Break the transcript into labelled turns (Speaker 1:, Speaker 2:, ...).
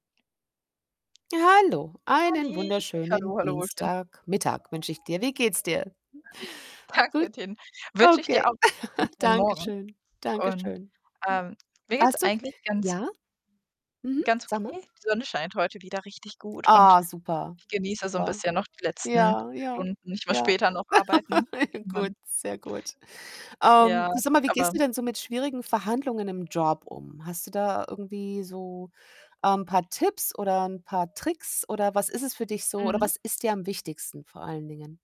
Speaker 1: Hallo, einen
Speaker 2: Halli, hallo,
Speaker 1: wunderschönen
Speaker 2: hallochen.
Speaker 1: Dienstagmittag wünsche ich dir. Wie geht's dir? Gut?
Speaker 2: Danke, den wünsche ich dir
Speaker 1: Okay,
Speaker 2: [unintelligible]
Speaker 1: danke
Speaker 2: Morgen
Speaker 1: schön, danke
Speaker 2: und,
Speaker 1: schön. Hm,
Speaker 2: ähm, mir geht's
Speaker 1: hast du
Speaker 2: eigentlich ganz
Speaker 1: ja? Mhm,
Speaker 2: ganz
Speaker 1: sag mal.
Speaker 2: okay. Die Sonne scheint heute wieder richtig gut und
Speaker 1: Ah, super,
Speaker 2: ich genieße so 'n
Speaker 1: super.
Speaker 2: bisschen noch die letzten
Speaker 1: Ja, ja,
Speaker 2: Stunden. Ich muss
Speaker 1: ja.
Speaker 2: später noch arbeiten in meinem
Speaker 1: Gut, sehr gut.
Speaker 2: Ja,
Speaker 1: Ähm, du, sag mal: Wie gehst
Speaker 2: aber
Speaker 1: du denn so mit schwierigen Verhandlungen im Job um? Hast du da irgendwie so, ähm, paar Tipps oder 'n paar Tricks oder was ist es für dich so oder
Speaker 2: Mhm.
Speaker 1: was ist dir am wichtigsten vor allen Dingen?